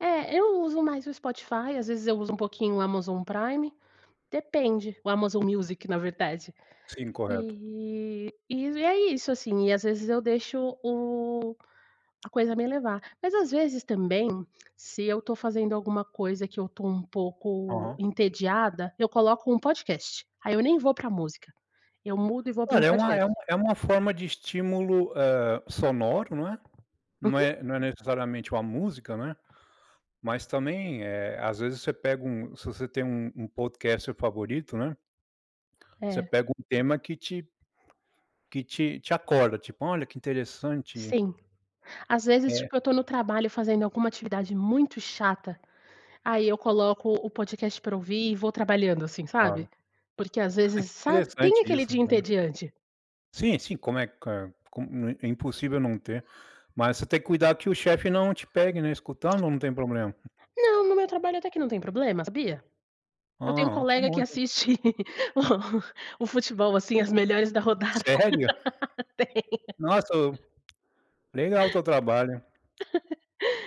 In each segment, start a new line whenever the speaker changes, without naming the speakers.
É, eu uso mais o Spotify, às vezes, eu uso um pouquinho o Amazon Prime, depende. O Amazon Music, na verdade,
Sim, correto.
e e é isso, assim, e às vezes eu deixo o a coisa me levar. Mas às vezes também, se eu tô fazendo alguma coisa que eu tô um pouco
Aham.
entediada, eu coloco um podcast. Aí eu nem vou para música, eu mudo e vou pra um
Olha, é uma
podcast.
é uma é uma forma de estímulo, hã, sonoro, não é? Não
Uhum.
é não é necessariamente uma música, né, mas também, eh, às vezes você pega um, se você tem um um podcast favorito, né. Você
É.
pega um tema que te que te te acorda, tipo: "Olha que interessante."
Sim. Às vezes,
É.
tipo eu tô no trabalho fazendo alguma atividade muito chata, aí eu coloco o podcast pra ouvir e vou trabalhando assim,
Claro. Ah,
sabe? Porque às vezes,
que
sabe? Tem
interessante
aquele
isso
dia
né.
entediante.
Sim, sim. Como é q como é é impossível não ter, mas você tem cuidado que o chefe não te pegue, né, escutando ou não tem problema?
Não, no meu trabalho até que não tem problema, sabia?
Ó,
Eu tenho
ó, que
colega que
bom então
assiste o futebol assim, as melhores da rodada,
Sério?
tem.
Nossa, o legal o teu trabalho.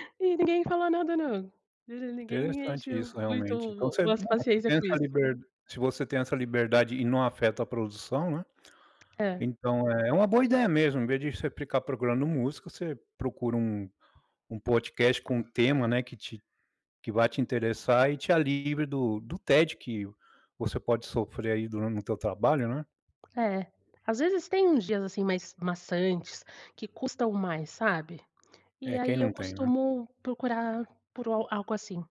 E ninguém fala nada não, e ninguém
Interessante
enche
isso realmente. Então
muito
você, né.
as
Você
paciência
tem
com
essa
isso.
liber se você tem essa liberdade e não afeta a produção, né.
É.
Então é uma boa ideia mesmo, em vez de você ficar procurando música, você procura um um podcast com um tema, né, que te que vá te interessar e te, ah, livre do do tédio que você pode sofrer aí duran no teu trabalho, né?
É, às vezes tem uns dias, assim, mais maçantes que custam mais, sabe, e
É, quem
aí eu
não tem, né?
costumo procurar por o algo assim.